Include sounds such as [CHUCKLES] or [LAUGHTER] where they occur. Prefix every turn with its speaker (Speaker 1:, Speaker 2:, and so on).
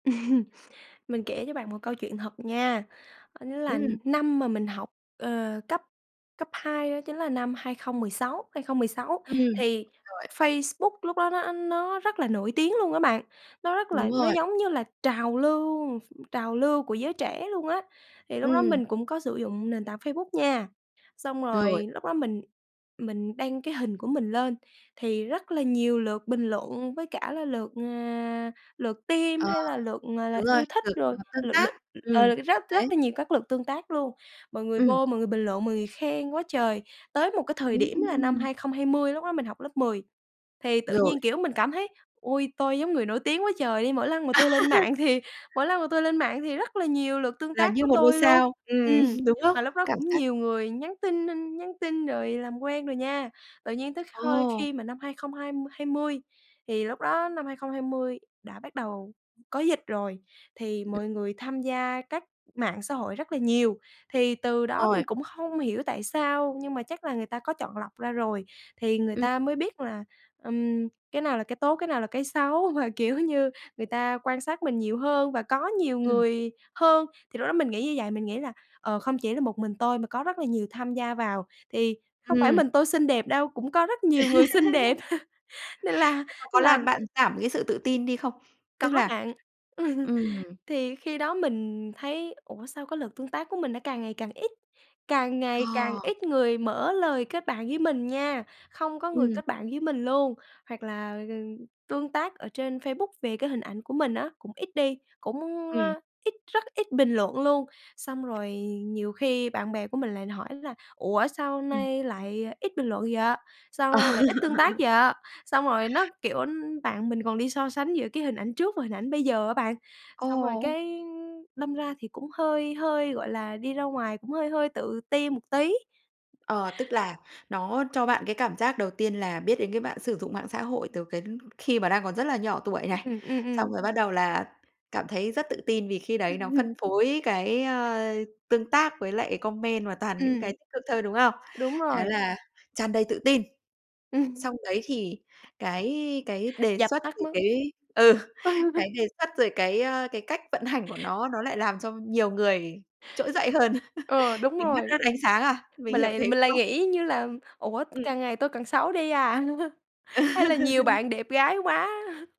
Speaker 1: [LAUGHS] Mình kể cho bạn một câu chuyện thật nha, đó chính là
Speaker 2: Ừm.
Speaker 1: năm mà mình học, ờ, cấp cấp 2 đó chính là năm 2016, 2016
Speaker 2: Ừm,
Speaker 1: thì
Speaker 2: rồi.
Speaker 1: Facebook lúc đó nó nó rất là nổi tiếng luôn á bạn. Nó rất
Speaker 2: Đúng
Speaker 1: là nó
Speaker 2: rồi.
Speaker 1: giống như là trào lưu ph trào lưu của giới trẻ luôn á thì lúc đó
Speaker 2: Ừm.
Speaker 1: mình cũng có sử dụng nền tảng Facebook nha. Xong
Speaker 2: Rồi.
Speaker 1: rồi lúc đó mình mình đăng cái hình của mình lên thì rất là nhiều lượt bình luận với cả là lượt, à, lượt tim
Speaker 2: Ờ,
Speaker 1: hay là lượt, à, là
Speaker 2: đúng rồi,
Speaker 1: yêu thích
Speaker 2: lượt,
Speaker 1: rồi,
Speaker 2: ờ, tương
Speaker 1: lượt
Speaker 2: tác.
Speaker 1: lượt,
Speaker 2: Ừm,
Speaker 1: ờ, rất rất
Speaker 2: đấy.
Speaker 1: là nhiều các lượt tương tác luôn. Mọi người
Speaker 2: Ừm.
Speaker 1: vô mọi người bình luận, mọi người khen quá trời. Tới một cái thời điểm là năm
Speaker 2: Ừm.
Speaker 1: 2020 lúc đó mình học lớp 10 thì tự
Speaker 2: Rồi.
Speaker 1: nhiên, kiểu, mình cảm thấy, ôi, tôi giống người nổi tiếng quá trời đi, mỗi lần mà tôi lên mạng thì
Speaker 2: [LAUGHS]
Speaker 1: mỗi lần mà tôi lên mạng thì rất là nhiều lượt tương
Speaker 2: Là
Speaker 1: tác
Speaker 2: như
Speaker 1: của
Speaker 2: 1 ngôi
Speaker 1: tôi luôn.
Speaker 2: sao, ừm,
Speaker 1: Ừm,
Speaker 2: đúng không?
Speaker 1: mà lúc đó
Speaker 2: Cảm
Speaker 1: cũng
Speaker 2: giác
Speaker 1: nhiều người nhắn tin nhắn tin rồi làm quen rồi nha. Tự nhiên tới hôi
Speaker 2: Ồ!
Speaker 1: khi mà năm hai không hai hai mươi thì lúc đó năm 2020 đã bắt đầu có dịch rồi, thì mọi người tham gia các mạng xã hội rất là nhiều. Thì từ đó
Speaker 2: Rồi.
Speaker 1: mình cũng không hiểu tại sao nhưng mà chắc là người ta có chọn lọc ra rồi, thì người
Speaker 2: Ừm.
Speaker 1: ta mới biết là, ừm, cái nào là cái tốt, cái nào là cái xấu. Mà, kiểu như, người ta quan sát mình nhiều hơn và có nhiều
Speaker 2: Ừm.
Speaker 1: người hơn. Thì lúc đó mình nghĩ như vậy, mình nghĩ là, ờ, không chỉ là một mình tôi mà có rất là nhiều tham gia vào thì không phải
Speaker 2: Ừm.
Speaker 1: mình tôi xinh đẹp đâu, cũng có rất nhiều người xinh đẹp. Nên là
Speaker 2: [LAUGHS] Có
Speaker 1: là
Speaker 2: làm bạn giảm cái sự tự tin đi không? Tức
Speaker 1: Có
Speaker 2: là
Speaker 1: bạn. [LAUGHS]
Speaker 2: ừm.
Speaker 1: Thì khi đó mình thấy, ủa, sao có lượt tương tác của mình nó càng ngày càng ít, càng ngày càng
Speaker 2: Ờ!
Speaker 1: ít người mở lời kết bạn với mình nha, không có người
Speaker 2: Ừm.
Speaker 1: kết bạn với mình luôn, hoặc là tương tác ở trên Facebook về cái hình ảnh của mình á, cũng ít đi, cũng,
Speaker 2: Ừm.
Speaker 1: ơ, ít rất ít bình luận luôn. Xong rồi nhiều khi bạn bè của mình lại hỏi là "Ủa, sao
Speaker 2: Ừm.
Speaker 1: nay lại ít bình luận vậy, sao nay lại ít tương tác
Speaker 2: [LAUGHS]
Speaker 1: vậy?" Xong rồi nó, kiểu bạn mình còn đi so sánh giữa cái hình ảnh trước và hình ảnh bây giờ á bạn, xong rồi
Speaker 2: Ồ!
Speaker 1: cái đâm ra thì cũng hơi hơi, gọi là, đi ra ngoài cũng hơi hơi tự ti một tí.
Speaker 2: Ờ, tức là nó cho bạn cái cảm giác đầu tiên là biết đến cái mạng sử dụng mạng xã hội từ cái khi mà đang còn rất là nhỏ tuổi
Speaker 1: Ừm,
Speaker 2: này.
Speaker 1: ừm, ừm.
Speaker 2: Xong rồi bắt đầu là cảm thấy rất tự tin vì khi đấy nó
Speaker 1: Ừm!
Speaker 2: phân phối cái, ờ, tương tác với lại comment và toàn những
Speaker 1: Ừm.
Speaker 2: cái tích cực thôi, đúng không?
Speaker 1: Đúng
Speaker 2: Thế
Speaker 1: rồi.
Speaker 2: là tràn đầy tự tin.
Speaker 1: Ừm.
Speaker 2: Xong đấy thì cái cái đề
Speaker 1: Dập
Speaker 2: xuất
Speaker 1: tắt
Speaker 2: thì
Speaker 1: mất.
Speaker 2: cái ừ,
Speaker 1: [LAUGHS]
Speaker 2: cái đề xuất rồi cái, ờ, cái cách vận hành của
Speaker 1: [CHUCKLES]
Speaker 2: nó, nó lại làm cho nhiều người trỗi dậy hơn,
Speaker 1: Ờ,
Speaker 2: [LAUGHS]
Speaker 1: đúng
Speaker 2: mình mất
Speaker 1: rồi.
Speaker 2: hết ánh sáng à, mình
Speaker 1: Mình
Speaker 2: hiểu
Speaker 1: lại
Speaker 2: thế,
Speaker 1: mình
Speaker 2: đúng
Speaker 1: lại
Speaker 2: không?
Speaker 1: nghĩ như là "Ủa,
Speaker 2: Ừm.
Speaker 1: càng ngày tôi càng xấu đi à, [LAUGHS] hay là nhiều
Speaker 2: [LAUGHS]
Speaker 1: bạn đẹp gái quá?" [LAUGHS]